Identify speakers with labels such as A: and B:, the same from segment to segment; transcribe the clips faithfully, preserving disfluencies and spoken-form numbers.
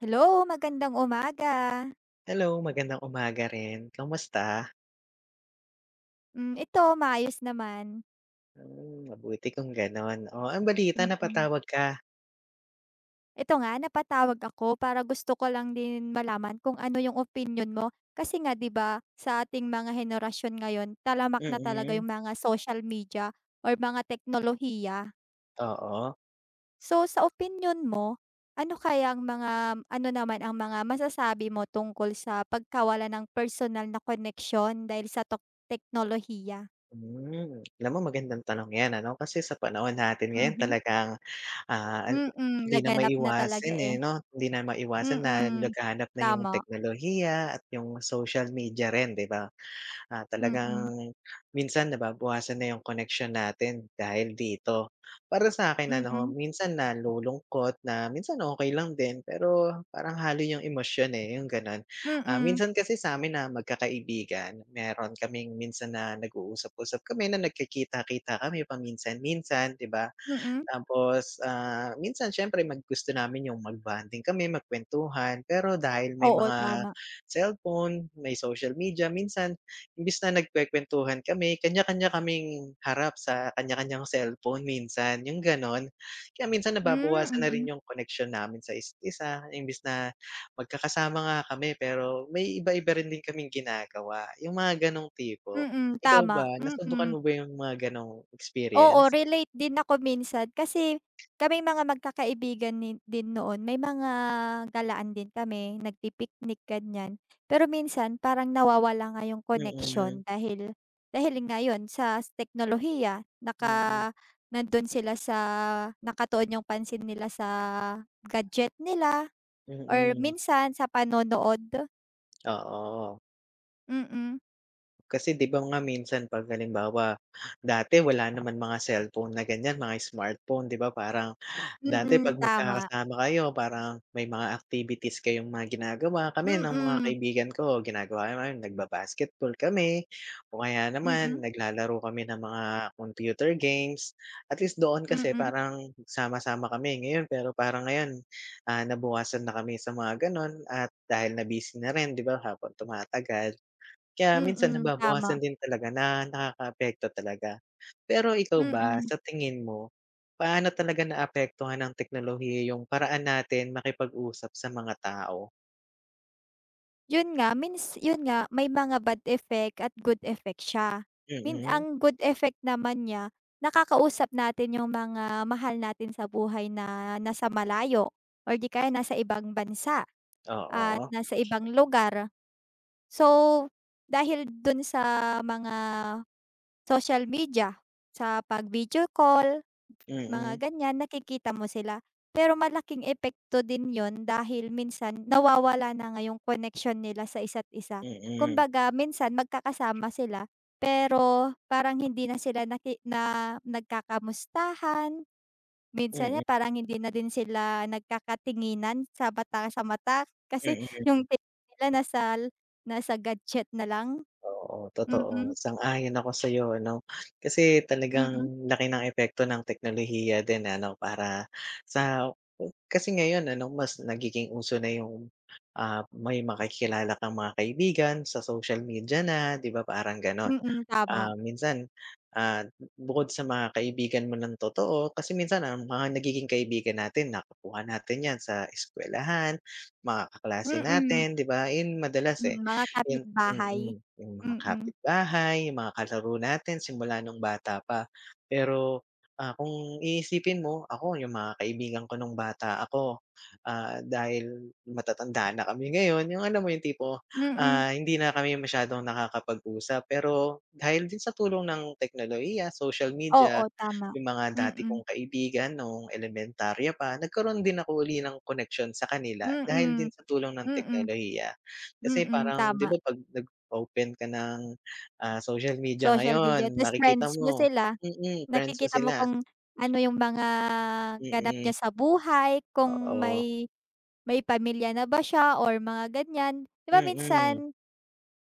A: Hello magandang umaga.
B: Hello, magandang umaga rin, kamusta?
A: Hmm, ito maayos naman.
B: Mm, mabuti kung ganon, oh, anong balita
A: Mm.
B: napatawag ka?
A: Eto nga, napatawag ako para gusto ko lang din malaman kung ano yung opinyon mo, kasi nga, 'di ba, sa ating mga henerasyon ngayon talamak na talaga
B: Mm.
A: yung mga social media or mga teknolohiya.
B: Oo.
A: So, sa opinyon mo, ano kayang mga ano naman ang mga masasabi mo tungkol sa pagkawala ng personal na koneksyon dahil sa tok teknolohiya?
B: Hmm. Alam mo, magandang tanong 'yan, ano, kasi sa panahon natin ngayon
A: Mhm.
B: talagang, ah, a
A: Mm,
B: hindi na
A: laganap na talaga,
B: maiwasin, eh,
A: eh.
B: 'no, hindi na maiwasan na
A: Mm,
B: laganap na yung
A: tama.
B: teknolohiya at yung social media rin, 'di ba. Ah,
A: Mm.
B: talagang minsan nababawasan na yung koneksyon natin dahil dito. Para sa akin, ano,
A: Mm.
B: minsan nalulungkot na minsan okey lang din, pero parang halo yung emosyon, eh, yung ganon. Ah,
A: Mm.
B: minsan kasi sa'min na magkakaibigan meron kaming minsan na nag-uusap-usap kami na nagkikita-kita kami paminsan-minsan, 'di ba.
A: Mm.
B: Tapos, ah, minsan syempre mag gusto namin yung mag-bonding kami magkwentuhan, pero dahil may
A: Oo,
B: mga
A: tama.
B: cellphone, may social media minsan imbes na nagkwekwentuhan kami kanya-kanya kaming harap sa kanya-kanyang cellphone minsan yung, ganon. Kaya minsan,
A: Hmm,
B: nababawasan na rin
A: mm.
B: yung koneksyon namin sa isa't isa, imbes na magkakasama nga kami pero may iba-iba rin din kaming ginagawa, yung mga ganong tipo.
A: Mm,
B: Ikaw ba
A: tama,
B: nasubukan
A: mm.
B: mo ba yung mga ganong experience?
A: Oo, relate din ako minsan kasi kaming mga magkakaibigan ni din noon may mga galaan din kami nagpi-picnic, ganyan. Pero minsan parang nawawala nga 'yong koneksyon
B: Mm.
A: dahil, dahil nga 'yon sa teknolohiya
B: Mm.
A: naka nandon sila sa nakatuon yung pansin nila sa gadget nila or
B: Mm.
A: minsan sa panonood.
B: Oo.
A: Mm.
B: Kasi, 'di ba nga, minsan, pag halimbawa, dati, wala naman mga cellphone na ganyan, mga smartphone. 'di ba, parang dati
A: Mm
B: pag
A: tama.
B: magkakasama kayo, parang may mga activities kayong mga ginagawa. kami ng mga
A: Mm.
B: kaibigan ko, ginagawa namin, nagba-basketball kami o kaya naman,
A: Mm.
B: naglalaro kami ng mga computer games. At least, doon kasi
A: Mm.
B: parang sama-sama kami. Ngayon, pero parang ngayon, ah, nabawasan na kami sa mga gano'n, at dahil na busy na rin 'di ba, habang tumatagal. Kaya minsan,
A: Mm
B: nababawasan
A: tama.
B: din talaga na nakakaapekto talaga. Pero ikaw ba,
A: Mm.
B: sa tingin mo, paano talaga naapektuhan ang teknolohiya yung paraan natin makipag-usap sa mga tao?
A: 'Yun nga, means, 'yun nga, may mga bad effect at good effect siya. Mean,
B: Mm.
A: ang good effect naman niya nakakausap natin yung mga mahal natin sa buhay na nasa malayo, or 'di kaya nasa ibang bansa
B: Oh
A: at
B: oo.
A: nasa ibang lugar. So dahil dun sa mga social media, sa pag-video call, mga
B: Mm.
A: ganyan nakikita mo sila. Pero malaking epekto din 'yun dahil minsan nawawala na nga 'yong koneksyon nila sa isa't isa.
B: Mm.
A: Kumbaga, minsan, magkakasama sila pero parang hindi na sila naki na nagkakamustahan. Minsan nga,
B: Mm.
A: parang hindi na din sila nagkakatinginan sa bata sa mata kasi
B: Mm.
A: yung tingin nila nasa nasa gadget na lang.
B: Oo,
A: Hmm,
B: totoo,
A: hmm.
B: sang-ayon ako sa'yo. Ano, kasi,
A: Mm.
B: talagang laki ng epekto ng teknolohiya din na, ano, para sa kasi ngayon, ano ,mas nagiging uso na 'yung, ah, may makikilala kang mga kaibigan sa social media na, 'di ba, parang gano'n.
A: Mm tama.
B: Ah, minsan, ah, bukod sa mga kaibigan mo ng totoo kasi minsan ang mga nagiging kaibigan natin, nakakuha natin 'yan sa eskuwelahan, mga kaklase
A: Mm.
B: natin 'di ba yun madalas, eh,
A: Hmm mga
B: 'yun. Mhm,
A: kapitbahay,
B: mhm. 'Yung mga
A: mm.
B: kapitbahay, 'yung mga kalaro natin simula nung bata pa. Pero, ah, kung iisipin mo, ako, 'yung mga kaibigan ko nung bata ako, ah, dahil matatanda na kami ngayon, 'yung alam mo 'yung tipo,
A: Mm.
B: ah, hindi na kami masyadong nakakapag-usap. Pero dahil din sa tulong ng teknolohiya, social media,
A: Oo tama,
B: 'yung mga dati
A: mm.
B: kong kaibigan nung elementarya pa, nagkaroon din ako uli ng koneksyon sa kanila dahil din
A: Mm.
B: sa tulong ng
A: Mm.
B: teknolohiya kasi
A: Mm,
B: parang. 'di ba,
A: tama.
B: pag nag-open ka ng, ah, social media
A: Social media,
B: ngayon,
A: tas
B: makikita
A: friends mo
B: mo
A: sila.
B: hmm, hmm friends mo
A: Nakikita mo
B: sila.
A: kung ano yung mga ganap niya
B: Mm.
A: sa buhay, kung
B: Oo.
A: may may pamilya na ba siya, or mga ganyan 'di ba,
B: Mm.
A: minsan,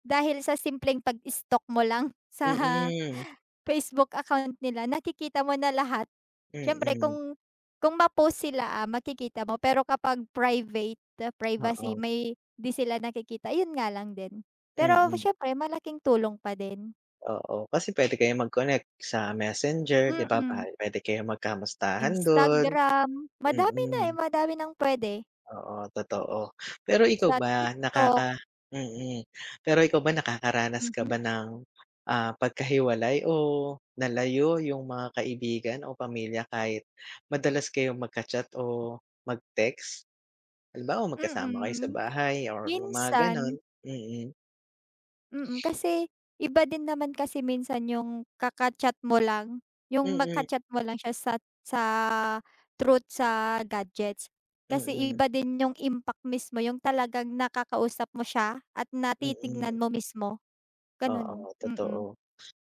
A: dahil sa simpleng pag-stalk mo lang sa
B: Mm.
A: Facebook account nila, nakikita mo na lahat. Siyempre
B: Mm.
A: kung kung ma-post sila, makikita mo. Pero kapag private, privacy
B: Oo.
A: may 'di sila nakikita. 'Yun nga lang din, pero
B: Mm.
A: siyempre, malaking tulong pa din.
B: Oo kasi pwede kayong mag-connect sa Messenger, 'di ba,
A: Mm.
B: pwede kayong magkamustahan dun,
A: Instagram, madami na eh,
B: mm.
A: madami ng pwede.
B: Oo totoo, pero ikaw
A: Sa
B: ba,
A: TikTok.
B: nakaka mm, pero ikaw ba nakakaranas ka
A: Mhm.
B: ba ng, ah, pagkahiwalay o nalayo yung mga kaibigan o pamilya kahit madalas kayong magka-chat o mag-text? Halimbawa magkasama kayo sa
A: Mm,
B: bahay or yung mga ganun,
A: minsan.
B: mm.
A: Mm, kasi iba din naman kasi minsan yung kaka-chat mo lang yung
B: Mm.
A: magka-chat mo lang siya sa sa truth sa gadgets kasi
B: Mm.
A: iba din yung impact mismo yung talagang nakakausap mo siya at
B: Mm.
A: natitignan mo mismo. Ganun,
B: Oo
A: mm.
B: totoo,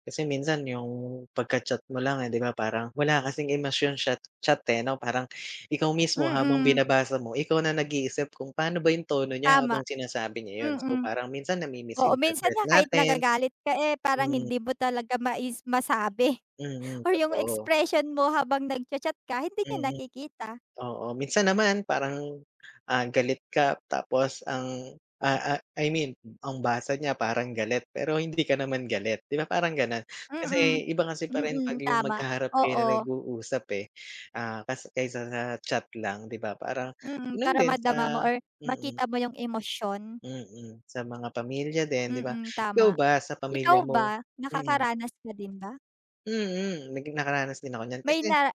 B: kasi minsan yung pagkachat mo lang, eh, 'di ba, parang wala kasing emosyon chat-chat, eh, parang ikaw mismo habang
A: Mm.
B: binabasa mo ikaw na nag-iisip kung pano ba yung tono niya
A: Tama,
B: habang sinasabi niya yun, so,
A: mm.
B: parang minsan
A: Oo, minsan nga
B: namimis-interpret
A: kahit
B: natin.
A: nagagalit ka, eh, parang
B: Mm.
A: hindi mo talaga mai masabi
B: Mm,
A: or yung
B: totoo.
A: expression mo habang nagcha-chat ka hindi niya
B: Mm.
A: nakikita.
B: Oo, minsan naman parang, ah, galit ka tapos ang, ah ah I mean ang basa niya parang galit pero hindi ka naman galit, 'di ba, parang gano'n,
A: Mm,
B: kasi iba kasi pa rin pag
A: mm.
B: yung
A: Tama,
B: magkaharap kayo na
A: oo.
B: nag-uusap, eh, ah, kas kaysa sa chat lang, 'di ba, parang
A: Mm,
B: yun
A: para
B: din
A: madama mo
B: sa
A: or
B: mm.
A: makita mo yung emosyon.
B: Mm, sa mga pamilya din, 'di ba,
A: Mm,
B: ikaw
A: tama.
B: ba sa
A: Ikaw
B: pamilya mo
A: ba
B: mm.
A: nakakaranas ka din ba?
B: Mm, naging nakaranas din ako niyan
A: May
B: kasi.
A: na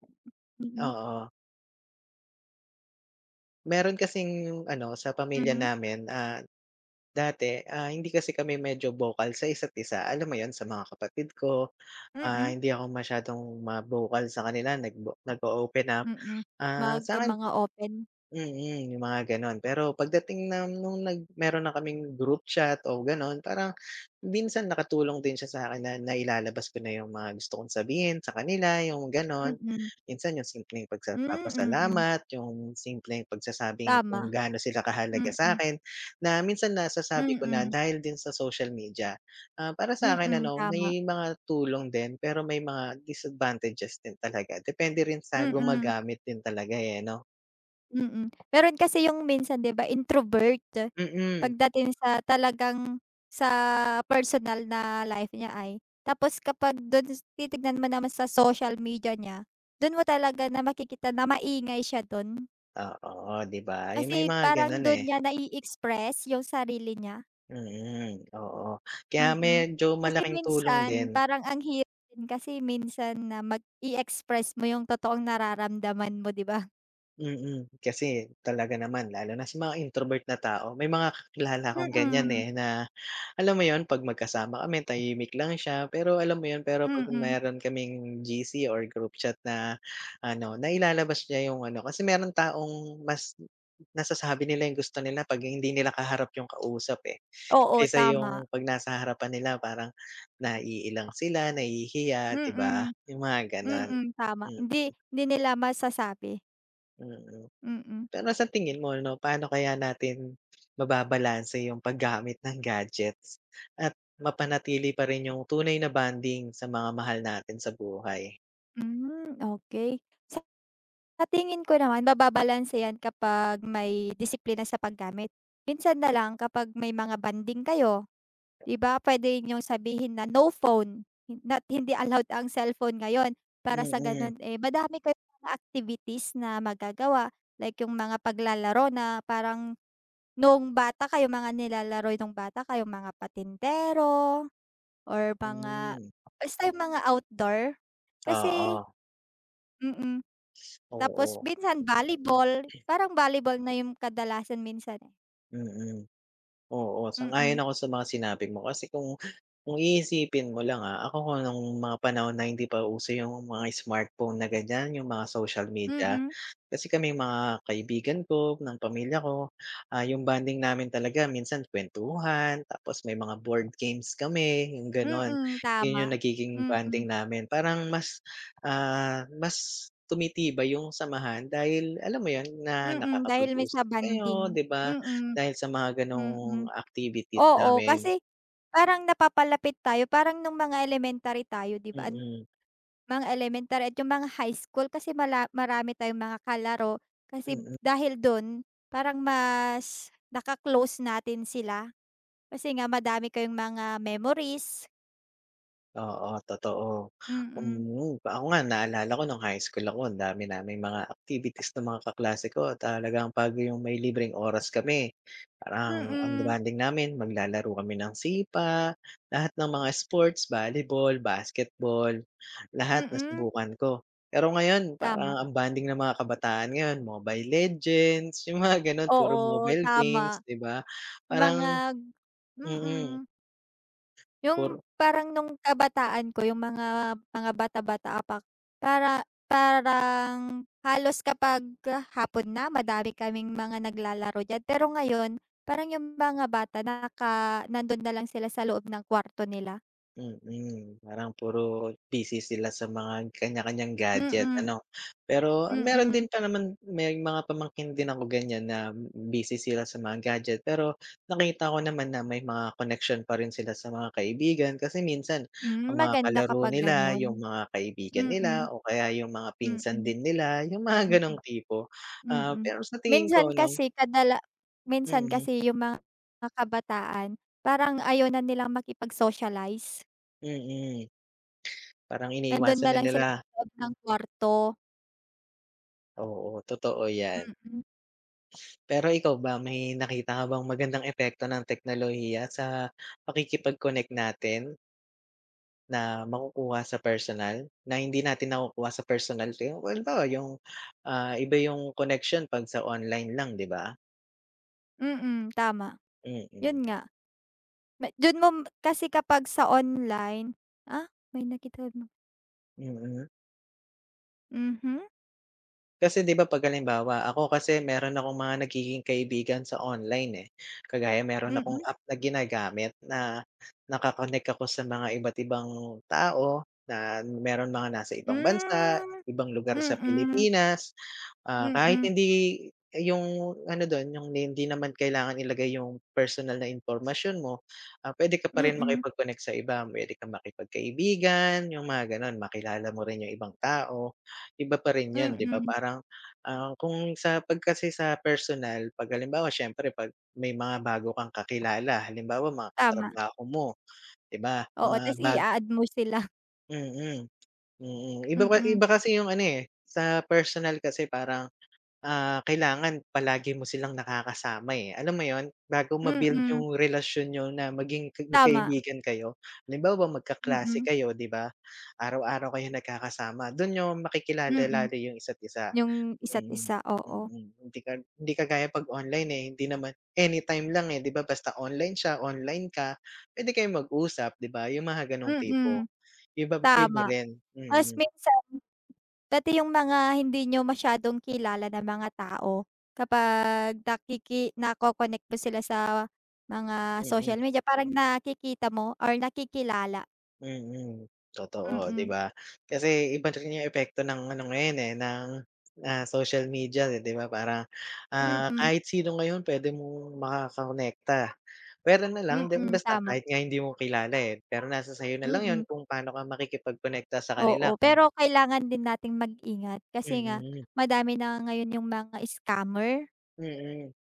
A: mhm.
B: Oo. Meron kasing ano sa pamilya
A: Mhm.
B: namin, ah, dati, ah, hindi kasi kami medyo vocal sa isa't isa, alam mo 'yun, sa mga kapatid ko, ah,
A: Mm.
B: hindi ako masyadong ma-vocal sa kanila, nag nag-o-open up.
A: Mm,
B: Ah,
A: magka
B: sa'kin
A: mga open.
B: mm, 'yung mga gano'n, pero pagdating na no'ng nag meron na kaming group chat o gano'n, parang minsan nakatulong din siya sa'kin na nailalabas ko na 'yung mga gusto kong sabihin sa kanila, 'yung gano'n.
A: Mm.
B: Minsan 'yung simpleng pagsa
A: Hmm, mm.
B: pagpapasalamat, 'yung simpleng pagsasabing kung
A: Tama,
B: gaano sila kahalaga
A: mm.
B: sa'kin, na minsan nasasabi ko na
A: Mm.
B: dahil din sa social media. Ah, para sa'kin
A: Mm,
B: ano,
A: tama.
B: may mga tulong din, pero may mga disadvantages din talaga, depende rin sa
A: Mm.
B: gumagamit din talaga, eh, 'no.
A: Mm, meron kasi 'yung minsan di ba, introvert
B: Mm.
A: pagdating sa talagang sa personal na life niya ay, tapos kapag do'n titignan mo naman sa social media niya do'n mo talaga na makikita na maingay siya do'n.
B: Oo, 'di ba, 'yung may
A: Kasi
B: mga
A: parang
B: gano'n,
A: do'n
B: eh.
A: niya nai-express 'yung sarili niya.
B: Mm, oo, kaya
A: Mm,
B: medyo
A: kasi
B: malaking tulong
A: minsan
B: din.
A: parang ang hirap din kasi minsan na mag i-express mo 'yung totoong nararamdaman mo, 'di ba?
B: Mm, kasi talaga naman lalo na sa mga introvert na tao. May mga kakilala akong ganiyan,
A: Mm.
B: eh, na alam mo 'yun 'pag magkasama kami, tahimik lang siya, pero alam mo 'yun, pero 'pag
A: Mm.
B: meron kaming G-C or group chat na ano, nailalabas niya 'yung ano, kasi meron taong mas m m nasasabi nila 'yung gusto nila 'pag hindi nila kaharap 'yung kausap, eh,
A: Oo,
B: kaysa
A: tama.
B: 'yung 'pag nasa harapan nila parang naiilang sila, nahihiya, 'di ba,
A: Mm.
B: 'yung mga gano'n.
A: Mm, tama hindi,
B: Mm.
A: hindi nila masasabi.
B: Mm.
A: Mm.
B: Pero sa tingin mo ano, paano kaya natin mababalanse 'yung paggamit ng gadgets at mapanatili pa rin 'yung tunay na bonding sa mga mahal natin sa buhay?
A: Hmm, okey. Sa sa tingin ko naman mababalanse 'yan kapag may disiplina sa paggamit, minsan na lang kapag may mga bonding kayo, 'di ba, puwede niyong sabihin na, no phone, hin not hindi allowed ang cellphone ngayon, para sa
B: Mm.
A: gano'n, eh, madami kayong mga activities na magagawa, like 'yung mga paglalaro na parang no'ng bata kayo mga nilalaro niyo no'ng bata kayo, mga patintero or mga
B: Hmm.
A: basta mga outdoor, kasi
B: Oo.
A: Mm. Tapos
B: Oo.
A: minsan volleyball, parang volleyball na 'yung kadalasan minsan, eh.
B: Mm. Oo, sang-ayon
A: Mm.
B: ako sa mga sinabi mo kasi kung kung iisipin mo lang, ah, ako kung nung mga panahon na hindi pa uso yung mga smartphone na ganiyan, yung mga social media,
A: Mm.
B: kasi kaming mga kaibigan ko, ng pamilya ko, ah, yung bonding namin talaga minsan kuwentuhan tapos may mga board games kami, yung gano'n.
A: Mm,
B: 'Yon yung
A: tama.
B: nagiging
A: Mm.
B: bonding namin, parang mas, ah, mas tumitibay yung samahan dahil alam mo 'yon, na
A: Mm, dahil may sa
B: nakakapag-usap kayo
A: bonding.
B: 'di ba,
A: Mm.
B: dahil sa mga
A: Mm.
B: gano'ng activities
A: Oo,
B: namin.
A: kasi parang napapalapit tayo. Parang nung mga elementary tayo 'di ba an
B: Mm.
A: mga elementary at yung mga high school kasi mala marami tayong mga kalaro kasi
B: Mm.
A: dahil do'n parang mas naka-close natin sila kasi nga madami kayong mga memories.
B: Oo, totoo,
A: Mm.
B: mm. Ako nga naalala ko no'ng high school ako, ang dami naming mga activities nung mga kaklase ko. Talagang 'pag yung may libreng oras kami, parang ang
A: Mm.
B: bonding namin maglalaro kami ng sipa, lahat ng mga sports, volleyball, basketball, lahat
A: Mm.
B: nasubukan ko. Pero ngayon
A: Tama.
B: parang ang bonding ng mga kabataan ngayon, Mobile Legends yung mga gano'n, puro
A: Oo,
B: mobile
A: tama.
B: games 'di ba parang
A: Mga
B: mm.
A: mm. Yung
B: Puro
A: parang nung kabataan ko, yung mga mga bata-bata pa para parang halos kapag hapon na madami kaming mga naglalaro diyan, pero ngayon parang yung mga bata naka nando'n na lang sila sa loob ng kuwarto nila.
B: Mm parang puro busy sila sa mga kanya-kanyang gadget,
A: Mm.
B: ano? Pero, meron din
A: Mm.
B: pa naman may mga pamangkin din ako ganyan na busy sila sa mga gadget, pero nakita ko naman na may mga connection pa rin sila sa mga kaibigan kasi minsan ang
A: Hmm,
B: mga
A: maganda
B: kalaro
A: kapag
B: nila 'yung
A: ganon.
B: mga kaibigan,
A: Mm.
B: nila o kaya 'yung mga
A: Mm.
B: pinsan din nila, 'yung mga
A: Mm.
B: ganong tipo. Ah,
A: Mm.
B: pero sa tingin
A: Minsan
B: ko no
A: kasi kadala minsan
B: Mm.
A: kasi 'yung mga kabataan parang ayaw na nilang makipag-socialize.
B: Mm. Parang
A: Nandun
B: iniiwasan
A: na
B: na
A: lang sila sa
B: nila.
A: loob ng kwarto.
B: Oo, totoo 'yan.
A: Mm.
B: Pero ikaw ba may nakita ka bang magandang epekto ng teknolohiya sa pakikipag-connect natin? Na makukuha sa personal, na hindi natin nakukuha sa personal kayo? Well, halimbawa yung, ah, iba 'yung connection 'pag sa online lang 'di ba?
A: Mm, tama
B: Mm.
A: 'yun nga. Ma dun mo kasi kapag sa online ah, may nakita 'no?
B: Mm.
A: Mhm.
B: Kasi, 'di ba, 'pag halimbawa ako kasi meron akong mga nagiging kaibigan sa online, eh, kagaya meron
A: Mm.
B: akong app na ginagamit na naka-konek ako sa mga iba't ibang tao, na meron mga nasa ibang bansa,
A: Hmm,
B: ibang lugar sa
A: mm.
B: Pilipinas, ah, kahit
A: Mm.
B: hindi yung ano dun, yung ni hindi naman kailangan ilagay yung personal na impormasyon mo, ah, pwede ka pa rin
A: Mm.
B: makipag-konek sa iba, pwede kang makipagkaibigan yung mga, gano'n. Makilala mo rin yung ibang tao, iba pa rin yun, 'di ba,
A: Mm.
B: parang, ah, kung sa 'pag kasi sa personal 'pag halimbawa siyempre pag may mga bago kang kakilala halimbawa mga
A: Tama.
B: katrabaho mo, 'di ba,
A: Oo,
B: mga
A: ta's
B: bag
A: i-a-add mo sila.
B: Mm, mm, ibaba
A: Mm.
B: iba kasi yung ano, eh, sa personal kasi parang, ah, kailangan palagi mo silang nakakasama, eh, alam mo yun, bago ma-build
A: Mm.
B: yung relasyon niyo na maging
A: Tama.
B: magkaibigan kayo. Halimbawa magkaklase
A: Mm.
B: kayo, 'di ba, araw-araw kayo nagkakasama dun nyo makikilala
A: Mm.
B: lalo yung isa't isa.
A: Yung isa't
B: Mm,
A: isa, oo.
B: mm. Hindi ka hindi kagaya pag online, eh, hindi naman anytime lang, eh, 'di ba, basta online siya, online ka, pwede kayong mag-usap, 'di ba, yung mga ganong tipo,
A: Mm.
B: iba iba
A: Tama,
B: rin,
A: ta's
B: mm.
A: minsan, pati yung mga hindi niyo masyadong kilala na mga tao, kapag nakiki nakokonek mo sila sa mga social
B: Mm.
A: media parang nakikita mo or nakikilala.
B: Mm, totoo, 'di
A: Mm.
B: ba. Kasi iba rin yung epekto ng ano ngayon yun, eh, ng, ah, social media, 'di ba, parang, ah,
A: Mm.
B: kahit sino ngayon pwede mong makakonekta, pwera na lang di
A: Mm,
B: basta
A: tama.
B: kahit nga hindi mo kilala, eh, pero nasa sa'yo nalang yun
A: Mm.
B: kung pano ka makikipagkonekta sa kanila
A: Oo,
B: kung
A: pero kailangan din nating mag-ingat kasi nga
B: Mm.
A: madami na ngayon yung mga scammer.
B: Mm.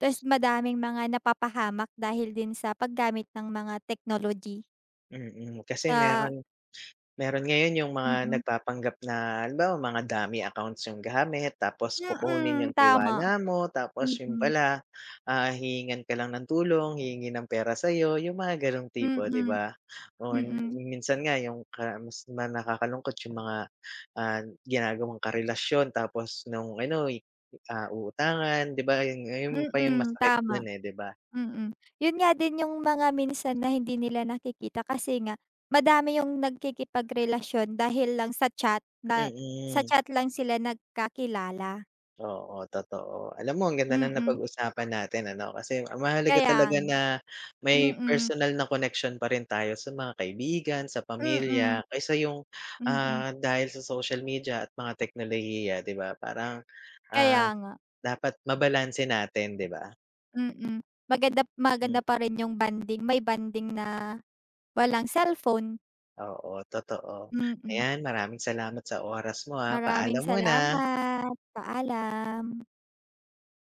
A: Ta's madaming mga napapahamak dahil din sa paggamit ng mga technology.
B: Mm, kasi
A: Ah.
B: meron meron ngayon yung mga
A: Mm.
B: nagpapanggap na halimbawa mga dummy accounts yung gamit tapos kukunin
A: Mm,
B: yung
A: tama.
B: tiwala mo tapos yun
A: Mm.
B: pala, ah, hihingan ka lang ng tulong, hihingi ng pera sa'yo, yung mga ganong tipo, 'di
A: Mm,
B: ba. O yun,
A: mm.
B: kung minsan nga yung kamis di ba nakakalungkot yung mga, ah, ginagawang karelasyon tapos nung ano'y, ah, uutangan, 'di ba, yun, ayun pa yung
A: Mm,
B: masakit
A: tama.
B: dun eh, 'di ba.
A: Mm, yun nga din yung mga minsan na hindi nila nakikita kasi nga madami yung nagkikipagrelasyon dahil lang sa chat na sa
B: Mm.
A: chat lang sila nagkakilala.
B: Oo, totoo. Alam mo ang ganda ng
A: Mm.
B: napag-usapan natin, ano, kasi mahalaga
A: Kaya
B: talaga
A: nga,
B: na may
A: mm.
B: personal na connection pa rin tayo sa mga kaibigan, sa
A: Mm.
B: pamilya kaysa yung,
A: Mm.
B: ah, dahil sa social media at mga teknolohiya, 'di ba, parang, ah,
A: Kaya nga.
B: dapat mabalanse natin, 'di ba.
A: Mm, maganda maganda
B: Mm.
A: pa rin yung bonding may bonding na walang cellphone.
B: Oo, totoo.
A: Mm.
B: Ayan, maraming salamat sa oras mo, ah,
A: Maraming
B: paalam muna.
A: salamat, paalam.